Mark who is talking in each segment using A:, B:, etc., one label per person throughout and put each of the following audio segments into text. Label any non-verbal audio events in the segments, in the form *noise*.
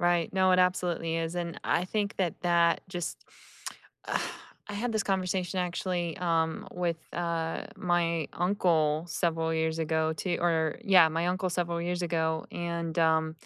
A: Right, no, it absolutely is, and I think that that just *inhales* *smacks lips* *sighs* I had this conversation actually, um, with, uh, my uncle several years ago too or yeah, my uncle several years ago, and, um,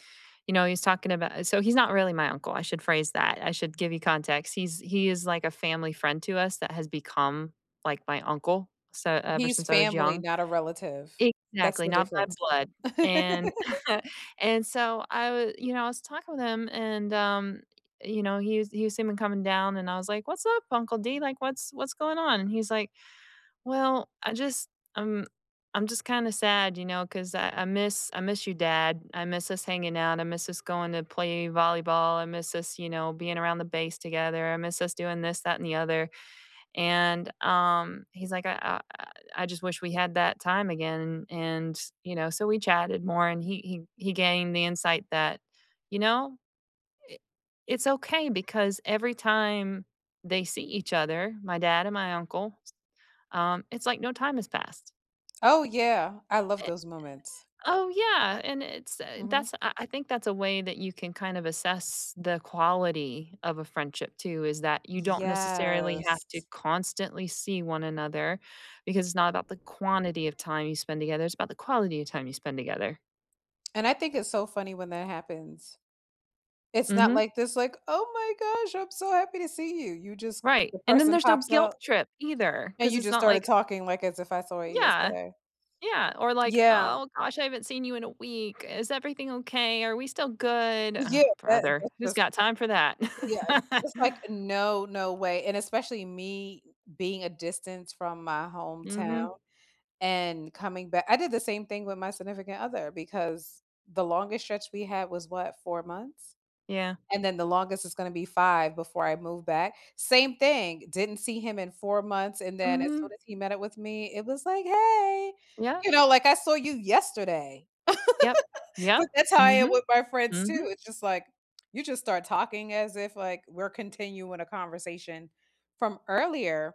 A: you know, he's talking about so he's not really my uncle I should phrase that I should give you context. He's He is like a family friend to us that has become like my uncle, so ever
B: He's
A: since I was
B: family,
A: young.
B: not a relative. That's
A: Exactly,
B: the
A: not by
B: difference.
A: blood
B: *laughs*
A: and *laughs* and so I wa you know, I was talking with him and, um, you know, he was he was seeming coming down, and I was like, "What's up, Uncle D? Like, what's what's going on?" And he's like, "Well, I just I'm I'm just kinda sad, you know, 'cause I I miss I miss your dad, I miss us hanging out, I miss us going to play volleyball, I miss us, you know, being around the base together, I miss us doing this, that and the other," and, um, he's like, "I, uh I I just wish we had that time again," and, you know, so we chatted more and he he he gained the insight that, you know, it it's okay, because every time they see each other, my dad and my uncle, s um, it's like no time has passed.
B: Oh yeah, I love
A: E
B: those moments.
A: Oh, yeah, and it's, uh
B: Mhm.
A: that's, I I think that's a way that you can kind of assess the quality of a friendship too, is that you don't necessarily have
B: Yes.
A: to constantly see one another, because it's not about the quantity of time you spend together, it's about the quality of time you spend together.
B: And I think it's so funny when that happens. It's not
A: Mhm.
B: like this, like, "Oh my gosh, I'm so happy to see you." You just
A: Right,
B: The
A: and then
B: person
A: there's no
B: pops
A: guilt
B: out,
A: trip either,
B: and
A: 'cause
B: you
A: it's
B: just
A: not
B: started
A: like
B: talking like as if I saw you
A: Yeah,
B: yesterday.
A: yeah, or like,
B: Yeah.
A: "Oh gosh, I haven't seen you in a week is everything okay? Are we still good?" Ugh,
B: Yeah, that
A: brother,
B: that's
A: who's
B: just
A: got time for that?
B: Yeah, and
A: *laughs*
B: just like And no, no way, and especially me i being a distance from my hometown
A: Mhm.
B: and coming back I did the same thing with my significant other because the longest stretch we had was what, 4 months?
A: Yeah.
B: And then the longest is gonna be 5 before I move back. Same thing, didn't see him in 4 months and then as soon
A: Mhm.
B: as he met up with me, it was like, "Hey!"
A: Yeah.
B: You know, like, I saw you yesterday.
A: Yup,
B: *laughs* But
A: yup,
B: that's how I am
A: mhm,
B: with my friends, too
A: mhm.
B: it just like, you just start talking as if like we're continuing a conversation from earlier.